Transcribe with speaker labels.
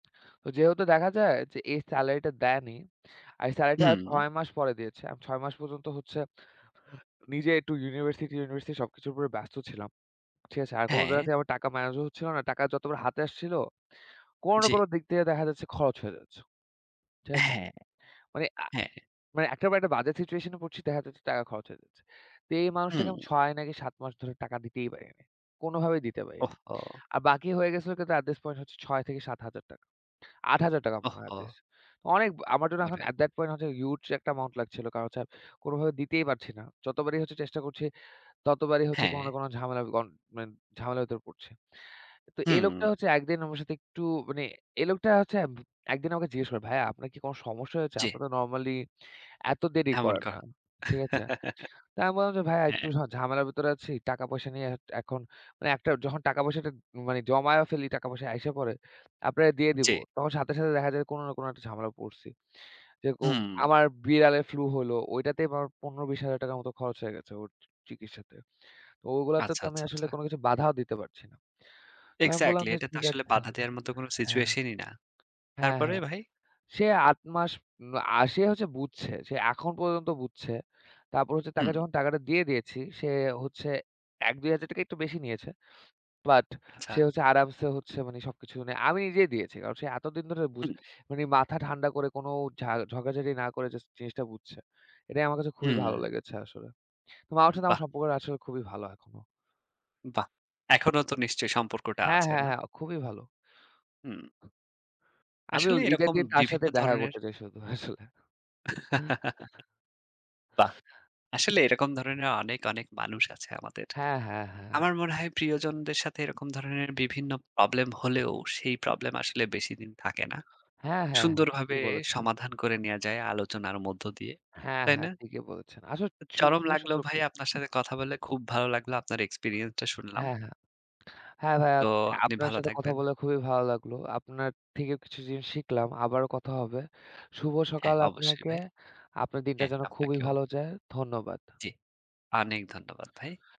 Speaker 1: ওই যেহেতু দেখা যায় যে এই সেলারিটা দেয়নি। আর এই সেলারিটা আর
Speaker 2: হুম।
Speaker 1: ৬ মাস পরে দিয়েছে। আমি ৬ মাস পর্যন্ত হচ্ছে নিজে একটু ইউনিভার্সিটি ইউনিভার্সিটি সবকিছুর উপরে ব্যস্ত ছিলাম, ঠিক আছে? আর কোন জায়গা
Speaker 2: হ্যাঁ।
Speaker 1: থেকে আমার টাকা ম্যানেজও হচ্ছিল না। টাকা যতবার হাতে আসছিল, কোন না
Speaker 2: জি।
Speaker 1: কোন দিক থেকে দেখা যাচ্ছে খরচ হয়ে যাচ্ছে, ঠিক আছে?
Speaker 2: হ্যাঁ,
Speaker 1: মানে আ
Speaker 2: হ্যাঁ।
Speaker 1: মানে একটার একটা বাজে সিচুয়েশন এ পড়ছি। দেখা যাচ্ছে টাকা খরচ হয়ে যাচ্ছে। তো এই মানুষটাকে
Speaker 2: হুম।
Speaker 1: আমি ৬ নাকি ৭ মাস ধরে টাকা দিতেই পারিনি। কোনভাবেই দিতে পারি নাই।
Speaker 2: ওহহো!
Speaker 1: আর বাকি হয়ে গেছিলো কিন্তু অ্যাট দিস পয়েন্ট হচ্ছে ৳৬০০০ থেকে ৳৭০০০ ৳৮০০০ মনে হয়
Speaker 2: ওহহো!
Speaker 1: এটলিস্ট। অনেক ব আমার জন্য এখন
Speaker 2: ওরে!
Speaker 1: অ্যাট দ্যাট পয়েন্ট হচ্ছে হিউজ একটা অ্যামাউন্ট লাগছিল। কারণ হচ্ছে কোনভাবে দিতেই পারছি না। যতবারই হচ্ছে চেষ্টা করছি, ততবারই হচ্ছে কোন না
Speaker 2: হ্যাঁ।
Speaker 1: কোন ঝামেলা গন মেন্ট ঝামেলার ভিতর পড়ছে। তো এই লোকটা
Speaker 2: হুম।
Speaker 1: হচ্ছে একদিন আমার সাথে একটু মানে এই লোকটা হচ্ছে ভু একদিন আমাকে জিজ্ঞেস করে "ভাইয়া আপনার কি কোন সমস্যা হয়েছে?
Speaker 2: জি।
Speaker 1: আপনি তো নরমালি এত দেরি
Speaker 2: এমন
Speaker 1: করেন
Speaker 2: ক
Speaker 1: না।" ঠিক আছে? তো আমি বললাম যে, "ভাইয়া একটু
Speaker 2: হ্যাঁ।
Speaker 1: ঝা ঝামেলার ভিতরে আছি। টাকা পয়সা নিয়ে এট এখন মানে একটার যখন টাকা পয়সাটা মানে জমায়ে ফেলি টাকা পয়সা আইসা পড়ে আপনারা দিয়ে দিব।"
Speaker 2: জ্বী।
Speaker 1: তখন সাথে, সাথে দেখা যায় কোন না কোন একটা ঝামেলা পড়ছি। যেরকম
Speaker 2: হুম।
Speaker 1: আমার বিড়ালের ফ্লু হইলো। ওইটাতেই আমার ৳১৫-২০,০০০ মতো খরচ হয়ে গেছে ওর চি চিকিৎসাতে। তো গুইলাতে
Speaker 2: আচ্ছা,
Speaker 1: তো আমি
Speaker 2: আচ্ছা,
Speaker 1: আসলে
Speaker 2: আচ্ছা।
Speaker 1: কিছু বাধাও দিতে পারছি না। তো আমি বললাম
Speaker 2: এক্সাক্টলি।
Speaker 1: যে
Speaker 2: এটা তো
Speaker 1: ঠিক
Speaker 2: আসলে
Speaker 1: আছে।
Speaker 2: বাধা দেয়ার মত কোন
Speaker 1: হ্যাঁ।
Speaker 2: সিচুয়েশন ই না।
Speaker 1: হ্যাঁ,
Speaker 2: তারপরে
Speaker 1: হ্যাঁ।
Speaker 2: ভাই?
Speaker 1: সে ৮ মাস উম আ সে হচ্ছে বুঝছে। সে এখন পর্যন্ত বুঝছে। তারপর হচ্ছে তাকে
Speaker 2: হুম।
Speaker 1: যখন টাকাটা দিয়ে দিয়েছি, সে হচ্ছে ৳১-২,০০০ একটু বেশি নিয়েছে। বাট
Speaker 2: আচ্ছা।
Speaker 1: সে হচ্ছে আরামসে হচ্ছে মানে সবকিছু আমি নিজেই দিয়েছি। কারণ সে এতদিন ধরে বুঝে
Speaker 2: হুম।
Speaker 1: মানে মাথা ঠান্ডা করে কোন ঝা ঝগড়াঝাটি না করে যাস্ট জিনিসটা বুঝছে। এটাই আমার কাছে খুবই ভালো
Speaker 2: হুম।
Speaker 1: লেগেছে আসলে। ওই মানুষের সাথে আমার
Speaker 2: বাহ!
Speaker 1: সম্পর্ক টা খুবই ভালো এখনো।
Speaker 2: বাহ! এখনও তো নিশ্চয়ই সম্পর্কটা
Speaker 1: হ্যাঁ,
Speaker 2: আছে
Speaker 1: হ্যাঁ,
Speaker 2: না?
Speaker 1: হ্যাঁ। খুবই ভালো।
Speaker 2: হুম।
Speaker 1: আমি ঐ
Speaker 2: আসলে
Speaker 1: ঈদের
Speaker 2: এরকম
Speaker 1: দিন তার
Speaker 2: বিভিন্ন
Speaker 1: সাথে দেখা
Speaker 2: ধরনের
Speaker 1: করতে চাই শুধু আসলে।
Speaker 2: বাহ! আসলে এরকম ধরনের অনেক, অনেক মানুষ আছে আমাদের।
Speaker 1: হ্যাঁ, হ্যাঁ, হ্যাঁ।
Speaker 2: আমার মনে হয় প্রিয়জনদের সাথে এরকম ধরনের বিভিন্ন প্রবলেম হলেও সেই প্রবলেম আসলে বেশিদিন থাকে না।
Speaker 1: হ্যাঁ, হ্যাঁ, হ্যাঁ। ঠিকই
Speaker 2: সুন্দরভাবে
Speaker 1: বলেছিলেন।
Speaker 2: সমাধান করে নেয়া যায় আলোচনার মধ্য দিয়ে,
Speaker 1: হ্যাঁ,
Speaker 2: তাই
Speaker 1: হ্যাঁ,
Speaker 2: না?
Speaker 1: ঠিকই বলেছেন। আসলে চু [unintelligible]
Speaker 2: চরম
Speaker 1: খুবই
Speaker 2: লাগলো
Speaker 1: সুন্দর
Speaker 2: ভাইয়া আপনার সাথে কথা বলে। খুব ভালো লাগলো আপনার এক্সপেরিয়েন্সটা শুনলাম।
Speaker 1: হ্যাঁ, হ্যাঁ। হ্যাঁ, ভাইয়া
Speaker 2: তো
Speaker 1: হচ্ছে
Speaker 2: আপনি
Speaker 1: আপনার
Speaker 2: ভালো
Speaker 1: সাথে কথা
Speaker 2: থাকবেন।
Speaker 1: বলে খুবই ভালো লাগলো। আপনার থেকেও কিছু জিনিস শিখলাম। আবারো কথা হবে। শুভ
Speaker 2: হ্যাঁ,
Speaker 1: সকাল
Speaker 2: অবশ্যই
Speaker 1: আপনাকে।
Speaker 2: ভাই।
Speaker 1: আপনার দিনটা
Speaker 2: হ্যাঁ,
Speaker 1: যেন খুবই
Speaker 2: আপনাকেও।
Speaker 1: ভালো যায়। ধন্যবাদ।
Speaker 2: জ্বী, অনেক ধন্যবাদ ভাই।